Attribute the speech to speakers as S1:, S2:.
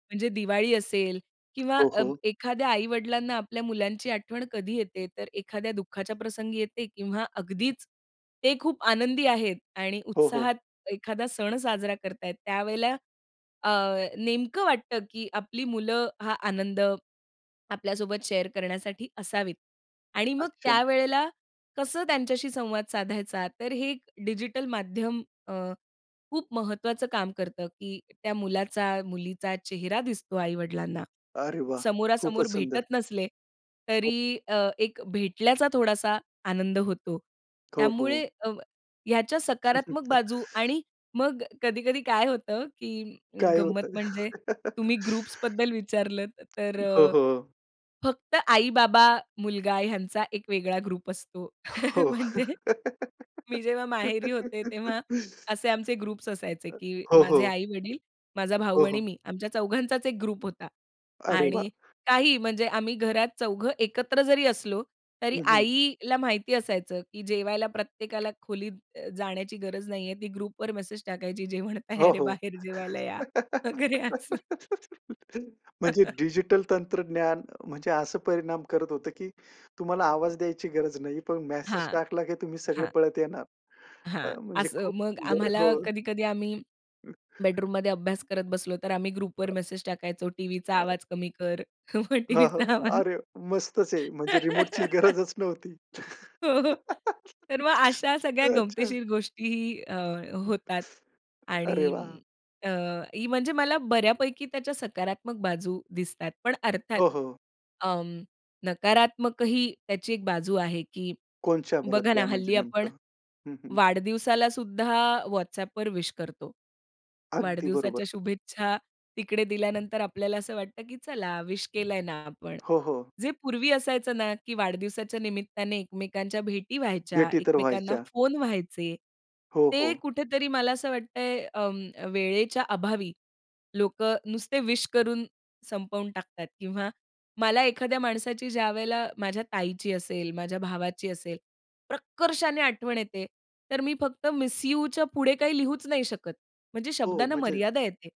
S1: म्हणजे दिवाळी असेल किंवा
S2: हो,
S1: अ,
S2: हो.
S1: एखाद्या आई-वडिलांना आपल्या मुलांची आठवण कधी येते, तर एखाद्या दुःखाच्या प्रसंगी येते किंवा अगदीच ते खूप आनंदी आहेत आणि
S2: हो, हो.
S1: उत्साहात एखादा सण साजरा करत आहेत, त्यावेळेला अ, नेमकं वाटतं, की आपली मुलं हा आनंद आपल्यासोबत शेअर करण्यासाठी असावीत. आणि मग
S2: अच्छा.
S1: त्यावेळेला कसं त्यांच्याशी संवाद साधायचा, तर हे एक डिजिटल माध्यम अ, खूप महत्वाचं काम करतं, की त्या मुलाचा, मुलीचा चेहरा दिसतो आई वडिलांना.
S2: अरे वाह!
S1: समोरासमोर
S2: खूपच सुंदर.
S1: भेटत नसले,
S2: हो.
S1: तरी अ, एक भेटल्याचा थोडासा आनंद होतो. त्यामुळे
S2: [unintelligible]
S1: अ, ह्याच्या सकारात्मक बाजू आणि मग कधी-कधी काय होतं, की अ,
S2: काय
S1: गंमत
S2: होतं? हो,
S1: म्हणजे तुम्ही
S2: हो.
S1: ग्रुप्सबद्दल विचारलत तर,
S2: हो, हो.
S1: फक्त आई-बाबा, मुलगा ह्यांचा एक वेगळा ग्रुप असतो.
S2: हो.
S1: म्हणजे, मी जेव्हा माहेरी होते, तेव्हा असे आमचे ग्रुप्स असायचे, की
S2: हो,
S1: माझे
S2: हो.
S1: आई-वडील, माझा भाऊ
S2: हो,
S1: आणि
S2: हो.
S1: मी आमच्या चौघांचाच 1 होता.
S2: अरे वाह!
S1: आणि काही म्हणजे आम्ही घरात चौघं एकत्र जरी असलो तरी
S2: हं, हं.
S1: आईला माहिती असायचं, की जेवायला प्रत्येकाला खोलीत जाण्याची गरज नाहीये, ती ग्रुपवर मेसेज टाकायची जेवण तयार
S2: हो,
S1: आहे
S2: हो.
S1: बाहेर जेवायला या, वगैरे असं.
S2: म्हणजे डिजिटल तंत्रज्ञान म्हणजे, असं परिणाम करत होतं, की तुम्हाला आवाज द्यायची गरज नाही, पण मेसेज
S1: हां,
S2: टाकला, की तुम्ही सगळे
S1: हां.
S2: पळत येणार.
S1: हां,
S2: म्हणजे
S1: असं.
S2: खूप
S1: मग
S2: सुंदर.
S1: आम्हाला
S2: हो.
S1: कधी-कधी आम्ही बेडरूममध्ये अभ्यास करत बसलो, तर आम्ही ग्रुपवर
S2: अ.
S1: मेसेज टाकायचो, टीव्हीचा
S2: अ.
S1: आवाज कमी कर मग
S2: हां, हां.
S1: टीव्हीचा आवाज
S2: अरे, मस्तच आहे. म्हणजे रिमोटची गरजच नव्हती.
S1: हो, तर मग अशा सगळ्या
S2: अच्छा.
S1: गमतीशीर गोष्टीही अ,
S2: हं.
S1: होतात.
S2: अरे वाह!
S1: आणि अ, म्हणजे मला बऱ्यापैकी त्याच्या सकारात्मक बाजू दिसतात. पण अर्थात
S2: हो, हो.
S1: अ, नकारात्मकही त्याची 1 बाजू आहे, की
S2: कोणत्या
S1: बघा
S2: बरं
S1: ना
S2: म्हणजे
S1: हल्ली आपण
S2: नेमकं? हं, हं.
S1: वाढदिवसालासुद्धा WhatsAppवर विश करतो.
S2: अगदी बरोबर.
S1: वाढदिवसाच्या शुभेच्छा तिकडे दिल्यानंतर आपल्याला असं वाटतं, की चला विश केलंय ना आपण,
S2: हो, हो.
S1: जे पूर्वी असायचं ना, की वाढदिवसाच्या निमित्ताने एकमेकांच्या भेटी व्हायच्या,
S2: भेटी तर
S1: एकमेकांना
S2: व्हायच्या.
S1: फोन व्हायचे.
S2: हो,
S1: ते
S2: हो.
S1: कुठेतरी मला असं वाटतंय अ, वेळेच्या अभावी लोकं नुसते विश करून संपवून टाकतात किंवा मला एखाद्या माणसाची ज्यावेळेला माझ्या ताईची असेल, माझ्या भावाची असेल, प्रकर्षाने आठवण येते तर मी फक्त मिस यूच्या पुढे काही लिहूच नाही शकत. म्हणजे
S2: हो,
S1: शब्दांना
S2: मजेत.
S1: मर्यादा येते.